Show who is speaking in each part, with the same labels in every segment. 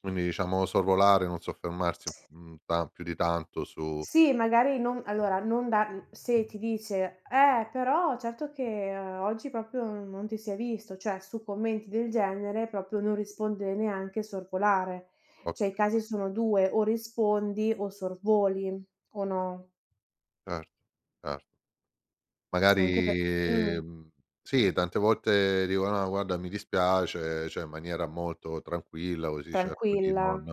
Speaker 1: Quindi diciamo sorvolare, non soffermarsi, mhmm, ta più di tanto su
Speaker 2: Sì magari non allora, non dar mhmm, se ti dice: "Eh però certo che oggi proprio non ti si è visto". Cioè su commenti del genere proprio non rispondere neanche, sorvolare. Cioè i
Speaker 1: Ok
Speaker 2: casi sono 2 o rispondi o sorvoli. O no?
Speaker 1: Certo, certo.
Speaker 2: Anche pe
Speaker 1: Magari
Speaker 2: mh.
Speaker 1: mh, sì, tante volte dico: "No, guarda, mi dispiace". Cioè in maniera molto tranquilla così cerco di non
Speaker 2: Tranquilla.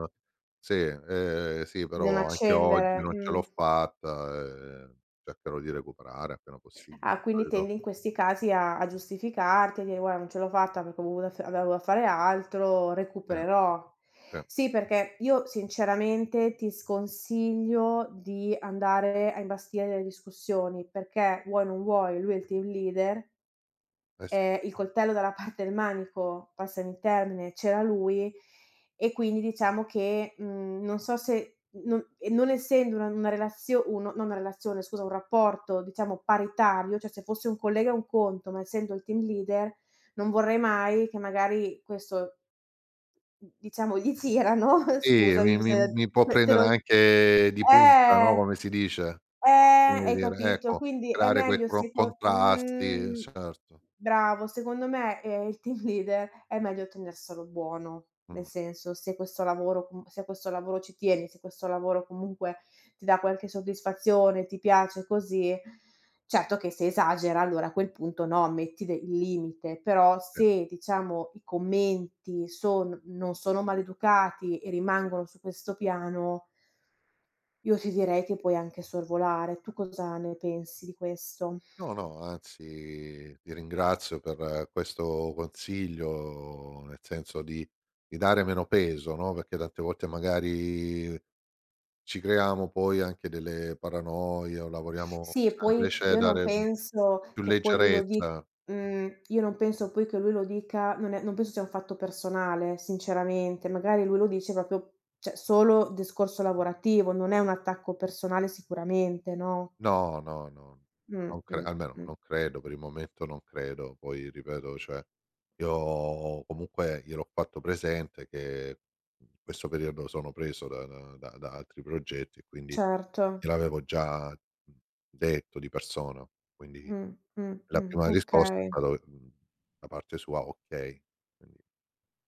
Speaker 1: "Sì, ehm, sì,
Speaker 2: Non
Speaker 1: però anche oggi
Speaker 2: accendere,
Speaker 1: non ce l'ho
Speaker 2: mh.
Speaker 1: fatta, ehm, cercherò di recuperare appena possibile".
Speaker 2: Ah quindi
Speaker 1: Capito?
Speaker 2: tendi in questi casi a a giustificarti a dire:"Guarda non ce l'ho fatta perché ho avut avevo dovuto fare altro,
Speaker 1: Ehm,
Speaker 2: recupererò".
Speaker 1: sì.
Speaker 2: Sì perché io sinceramente, ti sconsiglio di andare a imbastire delle discussioni perché vuoi o non vuoi, lui è il team leader.
Speaker 1: Eh sì.
Speaker 2: Eh, il coltello dalla parte del manico, passami il termine, c'era lui e quindi diciamo che, mhmm, non so se, non e non essendo una una relazione uno, no non una relazione scusa, un rapporto diciamo paritario, cioè se fosse un collega è un conto, ma essendo il team leader, non vorrei mai che magari questo d diciamo gli girano
Speaker 1: Sì,
Speaker 2: scusami,
Speaker 1: mi
Speaker 2: s
Speaker 1: mi mi può
Speaker 2: se te
Speaker 1: prendere
Speaker 2: lo
Speaker 1: anche di punta, no?
Speaker 2: eh.
Speaker 1: Come si dice.
Speaker 2: Eh
Speaker 1: Viene da
Speaker 2: hai
Speaker 1: dire
Speaker 2: capito?
Speaker 1: ecco,
Speaker 2: Quindi è
Speaker 1: creare quel
Speaker 2: meglio
Speaker 1: cron
Speaker 2: seco
Speaker 1: contrasti,
Speaker 2: mhmm,
Speaker 1: certo.
Speaker 2: bravo, secondo me eh il team leader è meglio tenerselo buono. Nel
Speaker 1: Mh.
Speaker 2: senso, se questo lavoro, mhmm, se questo lavoro ci tieni, se questo lavoro comunque ti dà qualche soddisfazione, ti piace, così, certo che se esagera allora a quel punto no, metti de il limite, però
Speaker 1: Sì.
Speaker 2: se diciamo i commenti son non sono maleducati e rimangono su questo piano. Io ti direi che puoi anche sorvolare. Tu cosa ne pensi di questo?
Speaker 1: No, no, anzi ti ringrazio per questo consiglio, nel senso di di dare meno peso, no? Perché tante volte magari, ci creiamo poi anche delle paranoie o lavoriamo
Speaker 2: Sì,
Speaker 1: [unintelligible]
Speaker 2: poi
Speaker 1: invece
Speaker 2: io non
Speaker 1: dare
Speaker 2: penso
Speaker 1: più
Speaker 2: che poi lui lo di
Speaker 1: leggerezza.
Speaker 2: mhmm, io non penso poi che lui lo dica non è non penso sia un fatto personale sinceramente, magari lui lo dice proprio, cioè, solo discorso lavorativo, non è un attacco personale sicuramente, no?
Speaker 1: No, no, no,
Speaker 2: Mh,
Speaker 1: non cre
Speaker 2: mh,
Speaker 1: almeno
Speaker 2: mh.
Speaker 1: non credo, per il momento non credo. Poi ripeto, cioè io comunque gliel'ho fatto presente, che in questo periodo sono preso da da da altri progetti e quindi
Speaker 2: Certo.
Speaker 1: gliel'avevo già, mhmm, detto di persona, quindi
Speaker 2: Mh, mh,
Speaker 1: la
Speaker 2: mh.
Speaker 1: prima risposta è
Speaker 2: Okay.
Speaker 1: stata, mhmm, da parte sua: "Okay". Quindi,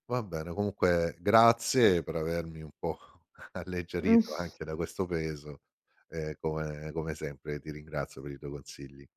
Speaker 1: va bene, comunque grazie per avermi un po' alleggerito
Speaker 2: Mh.
Speaker 1: anche da questo peso, e come come sempre ti ringrazio per i tuoi consigli.